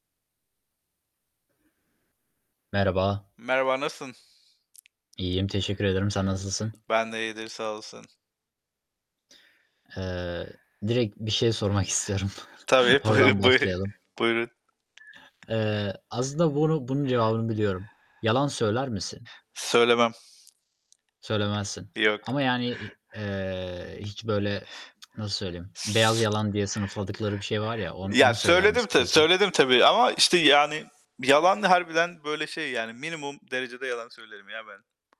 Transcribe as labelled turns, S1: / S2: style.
S1: Merhaba.
S2: Merhaba, nasılsın?
S1: İyiyim, teşekkür ederim. Sen nasılsın?
S2: Ben de iyidir. Sağ olasın.
S1: Eee, direkt bir şey sormak istiyorum.
S2: Tabii,
S1: Oradan
S2: buyurun. Buyu
S1: başlayalım.
S2: buyurun.
S1: Eee, aslında bunu bunun cevabını biliyorum. Yalan söyler misin?
S2: Söylemem.
S1: Söylemezsin
S2: Yok.
S1: ama yani, i eee, hiç böyle, nasıl söyleyeyim, beyaz
S2: S
S1: yalan diye sınıfladıkları bir şey var ya, on
S2: ya,
S1: onu söyler
S2: söyledim
S1: misin
S2: ta
S1: peki?
S2: söyledim tabii ama işte, yani, yalan da harbiden böyle şey, yani, minimum derecede yalan söylerim ya ben.